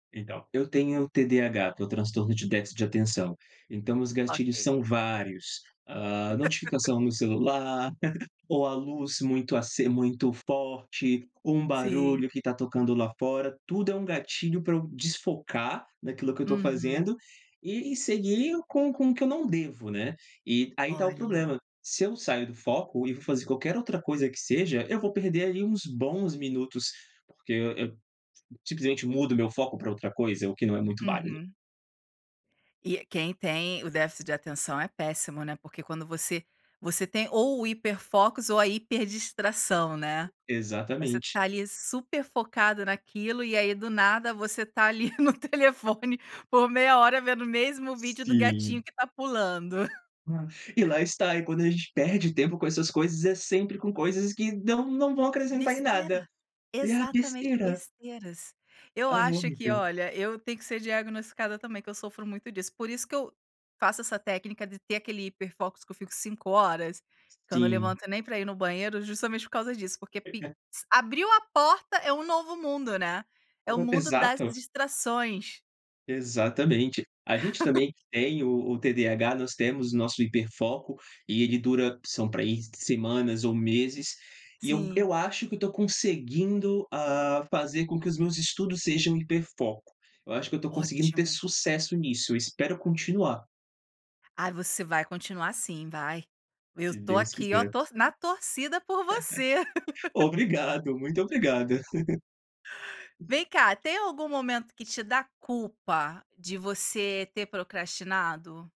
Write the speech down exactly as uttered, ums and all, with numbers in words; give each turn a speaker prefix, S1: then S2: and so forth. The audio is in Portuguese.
S1: Então, eu tenho TDAH, que é o transtorno de déficit de atenção. Então, os gatilhos
S2: Ok.
S1: são vários, hã, notificação no celular ou a luz muito aces muito forte ou um
S2: Sim.
S1: barulho que tá tocando lá fora. Tudo é um gatilho pra eu desfocar naquilo que eu tô
S2: Uhum.
S1: fazendo e e seguir com com o que eu não devo, né. E, aí tá o
S2: Olha.
S1: problema, se eu saio do foco e vou fazer qualquer outra coisa que seja, eu vou perder ali uns bons minutos, porque, e eu simplesmente mudo o meu foco pra outra coisa, o que não é muito válido.
S2: Uhum. E quem tem o déficit de atenção é péssimo, né. Porque quando você você tem ou o hiper focos ou a hiper distração, né. Você
S1: Exatamente.
S2: tá ali super focado naquilo, e aí do nada você tá ali no telefone por meia hora vendo o mesmo vídeo do gatinho
S1: Sim.
S2: que tá pulando.
S1: E lá está, e quando a gente perde tempo com essas coisas é sempre com coisas que não não vão acrescentar em nada.
S2: Besteira,
S1: E, a,
S2: exatamente,
S1: besteira.
S2: besteiras. Eu
S1: Ah, é
S2: acho que
S1: horrível.
S2: olha, eu tenho que ser diagnosticada também, que eu sofro muito disso. Por isso, que eu faço essa técnica de ter aquele hiper focos que eu fico cinco horas. Que eu não
S1: Sim.
S2: levanto nem pra ir no banheiro, justamente por causa disso. Porque pix abriu a porta é um novo mundo, né, é o
S1: [unintelligible]
S2: mundo das
S1: Exato.
S2: distrações.
S1: Exatamente! A gente também que tem o o TDAH nós temos o nosso hiper foco, e ele dura são pra aí semanas ou meses e eu
S2: Sim.
S1: eu acho que eu tô conseguindo, hã, fazer com que os meus estudos sejam hiper foco. Eu acho que eu tô conseguindo ter
S2: Ótimo!
S1: sucesso nisso. Eu espero continuar.
S2: Ah, você vai continuar sim, vai. Eu
S1: Se
S2: tô
S1: Deus
S2: aqui, oh,
S1: quiser.
S2: to na torcida por você.
S1: Obrigado, muito obrigada.
S2: Vem cá, tem algum momento que te dá culpa de você ter procrastinado?